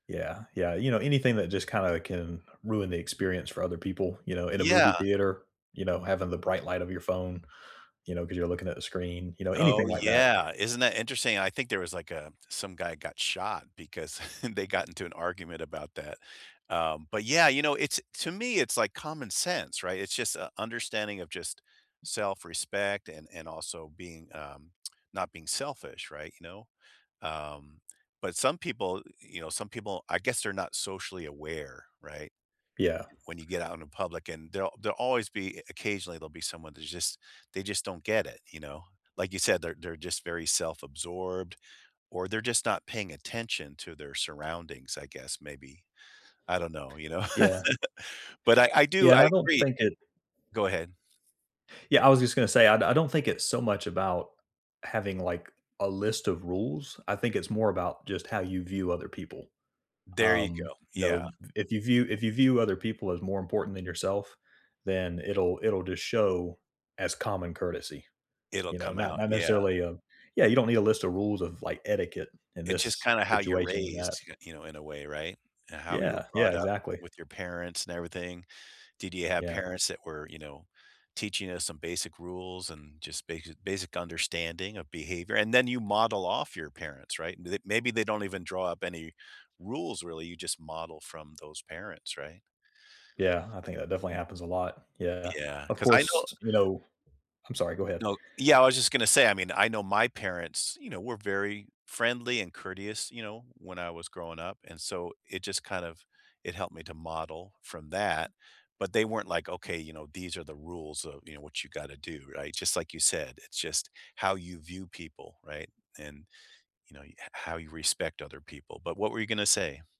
Yeah, yeah, you know, anything that just kinda can ruin the experience for other people, you know, in a movie Yeah. theater, you know, having the bright light of your phone, you know, 'cause you're looking at the screen, you know, Oh, anything like that. yeah, isn't that interesting? I think there was, like, uh, some guy got shot because they got into an argument about that, uh, but yeah, you know? It's to me it's like common sense, right? It's just, uh, understanding of just self-respect and and also being, um, not being selfish, right, you know? Um, but some people y you know, some people, I guess they're not socially aware, right? Yeah. When you get out in the public and they'll they'll always be e occasionally, there'll be someone that's just they just don't get it, you know? Like you said, they're they're just very self-absorbed or they're just not paying attention to their surroundings, I guess, maybe. I don't know, you know? Yeah. But I I Yeah, do and I I don't agree. think it Go ahead. Yeah, I was just gonna say I I don't think it's so much about having like a list of rules, I think it's more about just how you view other people, There you um, go, you yeah. know, if you view if you view other people as more important than yourself, then it'll it'll just show as common courtesy, It'll you know? come Not out, not yeah. necessarily, um yeah, you don't need a list of rules of, like, etiquette in It's just this kinda how you're situation than that. raised, you you know, in a way, right? And how you're Yeah, brought yeah, up exactly. with your parents and everything. Did you have Yeah. parents that were, you know, teaching us some basic rules and just basic basic understanding of behavior? And then you model off your parents, right? They maybe they don't even draw up any rules, really, you just model from those parents, right? Yeah, I think that definitely happens a lot, yeah, Yeah, of 'cause I know course, you know I'm sorry, go ahead. No yeah, I was just gonna say, I mean, I know my parents, you know, we're very friendly and courteous, you know, when I was growing up, and so it just kind of it helped me to model from that, but they weren't like, "Okay, you know, these are the rules of, you know, what you gotta do." Right? Just like you said, it's just how you view people, right? And, you know, ho how you respect other people, but what were you gonna say?